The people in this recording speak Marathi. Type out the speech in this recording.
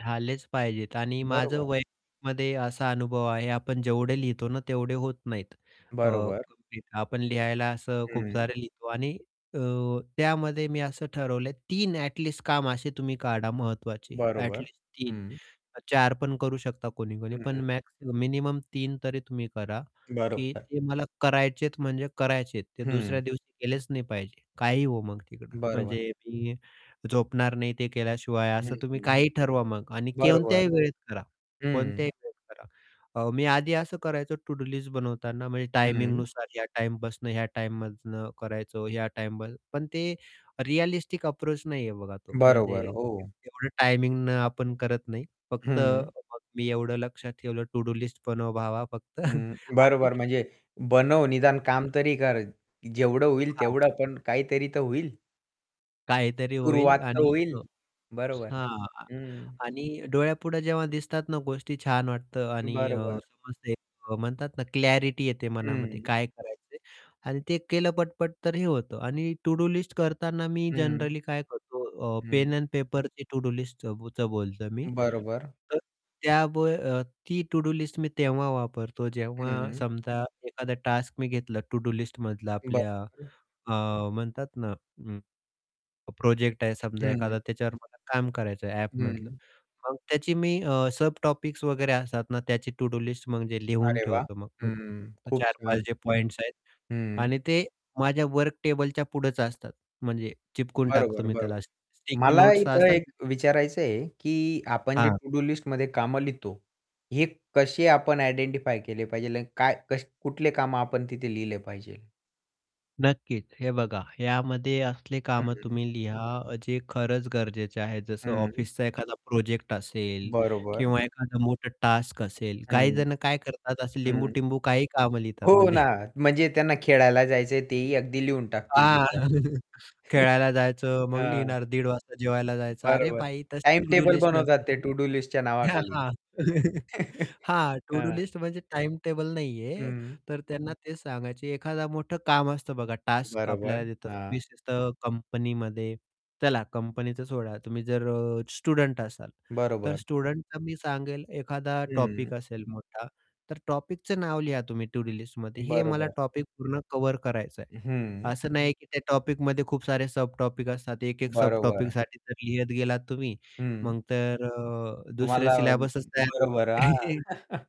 झालेच पाहिजे आणि माझं बरोबर. वयामध्ये असा अनुभव आहे, आपण जेवढे लिहितो ना तेवढे होत नाहीत अ, बरोबर. [unintelligible] आपण लिहायला असं खूप हं. सारे लिहितो आणि अ, त्यामध्ये मी असं ठरवलं आहे, 3 ॲट लीस्ट काम असे तुम्ही काढा महत्त्वाचे, ॲट बरोबर. लीस्ट 3. हं. 4 पण करू शकता कोणी-कोणी, पण हं. मॅक्स मिनिमम 3 तरी तुम्ही करा, की बरोबर. ते मला करायचे आहे, म्हणजे करायचे आहे. ते दुसऱ्या हं. दिवशी गेलेच नाही पाहिजे. काहीही होवो मग तिकडे. बरोबर. म्हणजे मी झोपणार नाही ते केल्याशिवाय हं, असं तुम्ही हं. काहीही ठरवा मग आणि बरोबर. कोणत्याही वेळेत करा, कोणत्याही हं. वेळेत करा. अ, मी आधी असं करायचो टु-डू लिस्ट बनवताना, म्हणजे हं. टायमिंगनुसार या टाईम बसनं, ह्या टाईममधनं करायचो, ह्या टाईम पण ते रिअलिस्टिक अप्रोच नाहीये बघा तो. म्हणजे बरोबर. एव हो. एवढं टायमिंगने आपण करत नाही. फक्त हं. [unintelligible] मी एवढं लक्षात ठेवलं टु-डू लिस्ट बनव भावा फक्त हं. आणि बरोबर, म्हणजे बनव निदान काम तरी कर. जेवढं होईल हां. तेवढं, पण काहीतरी तर होईल. काहीतरी सुरुवात होईल तर आणि होईल. बरोबर. हां, हं. आणि डोळ्यापुढे जेव्हा दिसतात ना गोष्टी छान वाटतं आणि अ, बरोबर. समजते एक म्हणतात ना, क्लॅरिटी येते मनामध्ये, हं. काय करायचं आहे आणि ते केलं पटपट तर हे होतं आणि टू-डू लिस्ट करताना मी हं. जनरली काय करतो अ, पेन हं. अँड पेपरची टू-डू लिस्टचं च बोलतो मी. बरोबर. तर त्या ब अ, ती टू-डू लिस्ट मी तेव्हा वापरतो, जेव्हा हं. समजा एखादा टास्क मी घेतला टू-डू लिस्टमधला. आपल्या बरोबर. अ, म्हणतात ना, हं, प्रोजेक्ट आहे समजा हं. एखादा त्याच्यावर मला काम करायचं आहे, ॲपमधलं. हं. मग त्याची मी अ, सब टॉपिक्स वगैरे असतात ना त्याची टू-डू लिस्ट, म्हणजे लिहून अरे वाह! ठेवतो मग हं. पटपट खूप 4-5 छान. जे पॉईंट्स आहेत हं. आणि ते माझ्या वर्क टेबलच्या पुढेच असतात, म्हणजे चिपकून टाकतो बरोबर. मी बरोबर. त्याला स्टि स्टिकी मला नोट्स इथे एक असतात विचारायचं आहे, की आपण जे हां. टू-डू लिस्टमध्ये कामं लिहितो, हे कसे आपण आयडेंटिफाय केले पाहिजे आणि काय कस कुठले कामं आपण तिथे लिहिले पाहिजे. नक्कीच. हे बघा ह्यामध्ये असले कामं हं. तुम्ही लिहा अ, जे खरंच गरजेचे आहे, जसे हं. ऑफिसचा एखादा प्रोजेक्ट असेल बरोबर. किंवा एखादा मोठा टास्क असेल, काही हं. जण काय करतात असे हं. लिंबू-टिंबू काही कामं लिहितात हो ना, म्हणजे म्हणजे त्यांना खेळायला जायचं आहे तेही अगदी लिहून टाकतील हां, तिथे. खेळायला जायचं मग हां. लिहिणार, दीड वाजता जेवायला जायचं. अरे बरोबर भाई, तशी टाईम टू-डू टेबल लिस्ट बनवतात नसते ते ती. टु-डू लिस्टच्या हां, नावाखाली. हां. हां, टू-डू हां. लिस्ट म्हणजे टाईम टेबल नाहीये, हं. तर त्यांना तेच सांगायचे एखादा मोठं काम असतं बघा टास्क बरोबर. आपल्याला देतात हां. विशेषतः कंपनीमध्ये. चला कंपनीचं सोडा तुम्ही जर अ, स्टुडंट असाल, तर बरोबर. स्टुडंटला मी सांगेल एखादा हं. टॉपिक असेल मोठा, तर टॉपिकचं नाव लिहा तुम्ही टू-डू लिस्टमध्ये हे मला बरोबर. टॉपिक पूर्ण कव्हर करायचं आहे. हं. असं नाही की त्या टॉपिकमध्ये खूप सारे सब टॉपिक असतात. एक, एक सब बरोबर. टॉपिकसाठी जर लिहत गेलात तुम्ही हं. मग तर अ, दुसरे तुम्हाला सिलेबसच तयार होईल. बरोबर. [unintelligible] हां.